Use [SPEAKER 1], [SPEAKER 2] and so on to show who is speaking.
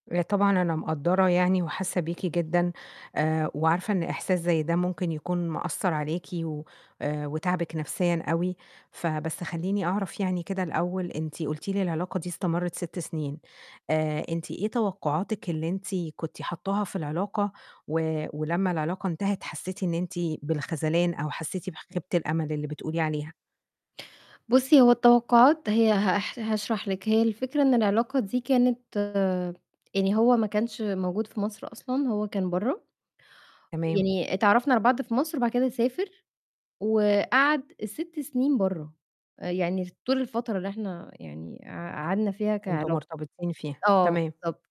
[SPEAKER 1] آآ طبعًا أنا مقدّرة يعني وحاسة بيكِ جدًا آآ وعارفة إن إحساس زي ده ممكن يكون مأثّر عليكِ و آآ وتاعبِك نفْسيًا أوي، فبس خلّيني أعرف يعني كده الأول أنتِ قُلتِ لي العلاقة دي استمرت 6 سنين، آآ أنتِ إيه توقعاتِك اللي أنتِ كنت حاطاها في العلاقة و ولمّا العلاقة انتهت حسيتِ إن أنت بالخذلان، أو حسيتِ بخيبة الأمل اللي بتقولي عليها؟
[SPEAKER 2] بُصّي، هو التوقعات هي هاح هاشرح لِك، هي الفكرة إن العلاقة دي كانت يعني هو ما كانش موجود في مصر أصلًا هو كان برّه،
[SPEAKER 1] تمام.
[SPEAKER 2] يعني اتعرّفنا على بعض في مصر وبعد كده سافر وقعد 6 سنين برّه، يعني طول الفترة اللي إحنا يعني قع قعدنا فيها
[SPEAKER 1] كنتم
[SPEAKER 2] كعلاق
[SPEAKER 1] مرتبطين فيها،
[SPEAKER 2] آه
[SPEAKER 1] تمام.
[SPEAKER 2] بالضبط.